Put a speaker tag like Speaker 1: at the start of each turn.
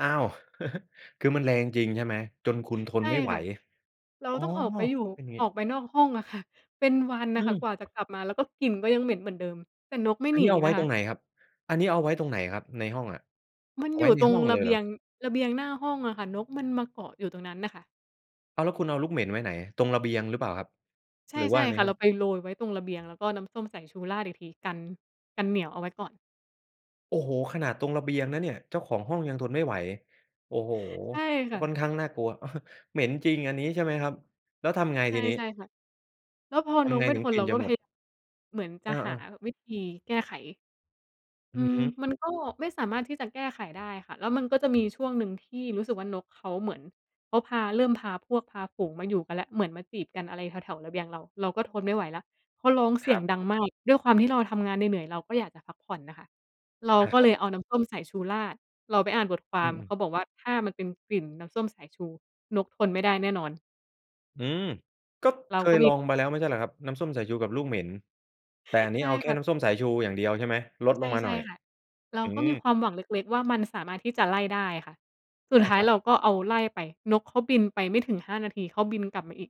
Speaker 1: อ้าว คือมันแรงจริง ใช่ไหม? จนคุณท
Speaker 2: ใช
Speaker 1: น
Speaker 2: ่
Speaker 1: ไม่ไห
Speaker 2: ค
Speaker 1: ว
Speaker 2: ่ะ เรา
Speaker 1: อ้อ
Speaker 2: ต้องออกไปอยู่
Speaker 1: อือฮ
Speaker 2: อ
Speaker 1: ึ
Speaker 2: อกไปนอกห้องอะค่ะ เป็นวัน
Speaker 1: อ
Speaker 2: น่
Speaker 1: ื
Speaker 2: ะค่ะ
Speaker 1: ม
Speaker 2: กว่าจะกลับมา แล้วก็กลิ่นก็ยังเหม็นเหมือนเดิม แต่นกไม่
Speaker 1: อั
Speaker 2: ห
Speaker 1: น
Speaker 2: นี
Speaker 1: นี้เอาไว
Speaker 2: น
Speaker 1: ้
Speaker 2: ะค
Speaker 1: ตร
Speaker 2: ะ
Speaker 1: งไหนครับ? อันนี้เอาไว้ตรงไหนครับ? ในห้องอะ
Speaker 2: มัน
Speaker 1: เอา
Speaker 2: อ
Speaker 1: ไว
Speaker 2: ย
Speaker 1: ้
Speaker 2: ู่
Speaker 1: ใน
Speaker 2: ตร
Speaker 1: ห
Speaker 2: ง
Speaker 1: ้อง
Speaker 2: ร
Speaker 1: เล
Speaker 2: ะ
Speaker 1: ย
Speaker 2: เบ
Speaker 1: เหร
Speaker 2: ี
Speaker 1: อ?
Speaker 2: ยง ระเบียงหน้าห้องอะค่ะ นกมันมาเกาะอยู่ตรงนั้นน่ะค่ะ
Speaker 1: อ้าว แล้วคุณเอาลูกเหม็นไว้ไหนอะ? ตรงระเบียงหรือเปล่าครับ?
Speaker 2: ใช่
Speaker 1: หรือ
Speaker 2: ใช
Speaker 1: ว่
Speaker 2: ่
Speaker 1: าใน
Speaker 2: ค่ะ
Speaker 1: ห้
Speaker 2: เ
Speaker 1: อ
Speaker 2: ร
Speaker 1: ง
Speaker 2: าไปโรยไว้ตรงระเบียงแล้วก็น้ำส้มใส่ชูราดอีกที กัน กันเหนียวเอาไว้ก่อน
Speaker 1: โอ้โฮ! ขนาดตรงระเบียงนะเนี่ย เจ้าของห้องยังทนไม่ไหว โอ้โฮ!
Speaker 2: ใช่ค่
Speaker 1: ค
Speaker 2: ะ
Speaker 1: ่อนข้างน่ากลัว เหม็นจริง อันนี้ ใช่ไหมครับ แล้วทำไง
Speaker 2: ใช
Speaker 1: ท
Speaker 2: ่
Speaker 1: ีนี
Speaker 2: ใช่
Speaker 1: ้?
Speaker 2: ค่ะ แล้วพอ
Speaker 1: ท
Speaker 2: น
Speaker 1: ำไ
Speaker 2: ก
Speaker 1: ง
Speaker 2: มัน
Speaker 1: ถึ
Speaker 2: ท
Speaker 1: ง
Speaker 2: น
Speaker 1: กลิ
Speaker 2: เ
Speaker 1: ่
Speaker 2: ร
Speaker 1: น
Speaker 2: า
Speaker 1: จ
Speaker 2: ก
Speaker 1: ะ
Speaker 2: ็
Speaker 1: ห
Speaker 2: เ
Speaker 1: ม
Speaker 2: พ
Speaker 1: ด?
Speaker 2: เหมือนจ
Speaker 1: เอ
Speaker 2: ะหา
Speaker 1: อ ๆ
Speaker 2: วิธีแก้ไข อ
Speaker 1: อ
Speaker 2: ื
Speaker 1: ือ
Speaker 2: ม
Speaker 1: ฮึ
Speaker 2: มันก็ไม่สามารถที่จะแก้ไขได้ค่ะ แล้วมันก็จะมีช่วงหนึ่งที่รู้สึกว่า นกเขาเหมือน เขาพา เริ่มพาพวกพาฝูงมาอยู่กันแล้ว เหมือนมาจีบกันอะไรแถว ๆ ระเบียงเรา เราก็ทนไม่ไหวแล้ว เขาร้องเ
Speaker 1: ค
Speaker 2: สี
Speaker 1: ร
Speaker 2: ย
Speaker 1: ั
Speaker 2: ง
Speaker 1: บ
Speaker 2: ดังมาก ด้วยความที่เราทำงานเหนื่อย ๆ เราก็อยากจะพักผ่อนน่ะค่ะ เรา
Speaker 1: อา
Speaker 2: ก็
Speaker 1: คร
Speaker 2: เ
Speaker 1: ั
Speaker 2: ล
Speaker 1: บ
Speaker 2: ยเอาน้ำส้มสายชูราด เราไปอ่านบทคว
Speaker 1: อื
Speaker 2: าม
Speaker 1: ม
Speaker 2: เข
Speaker 1: ๆ
Speaker 2: าบอกว่า "ถ้ามันเป็นกลิ่นน้ำส้มสายชู นกทนไม่ได้แน่นอน"
Speaker 1: อืม ก็
Speaker 2: เร
Speaker 1: เ
Speaker 2: า
Speaker 1: ค
Speaker 2: ก็
Speaker 1: ย
Speaker 2: ม
Speaker 1: ล
Speaker 2: ี
Speaker 1: องมาแล้วไม่ใช่เหรอครับ? น้ำส้มสายชูกับลูกเหม็น แต่อันนี
Speaker 2: ใ
Speaker 1: ้
Speaker 2: ช่
Speaker 1: เอาแค
Speaker 2: ค
Speaker 1: ่
Speaker 2: ่ะ
Speaker 1: น้ำส้มสายชูอย่างเดียว ใช่ไหม? ลด
Speaker 2: ใ
Speaker 1: ลงมา
Speaker 2: ช
Speaker 1: หน่
Speaker 2: ่
Speaker 1: อย
Speaker 2: ๆ ค่ะ เรา
Speaker 1: อื
Speaker 2: ก็มี
Speaker 1: ม
Speaker 2: ความหวังเล็ก ๆ ว่า มันสามารถที่จะไล่ได้ค่ะ ส
Speaker 1: ใ
Speaker 2: ุ
Speaker 1: ช
Speaker 2: ด
Speaker 1: ่
Speaker 2: ท้า
Speaker 1: ค
Speaker 2: ย
Speaker 1: รับ
Speaker 2: เราก็เอา ไล่ไป นกเขาบินไปไม่ถึง 5 นาที เขาบินกลับมาอีก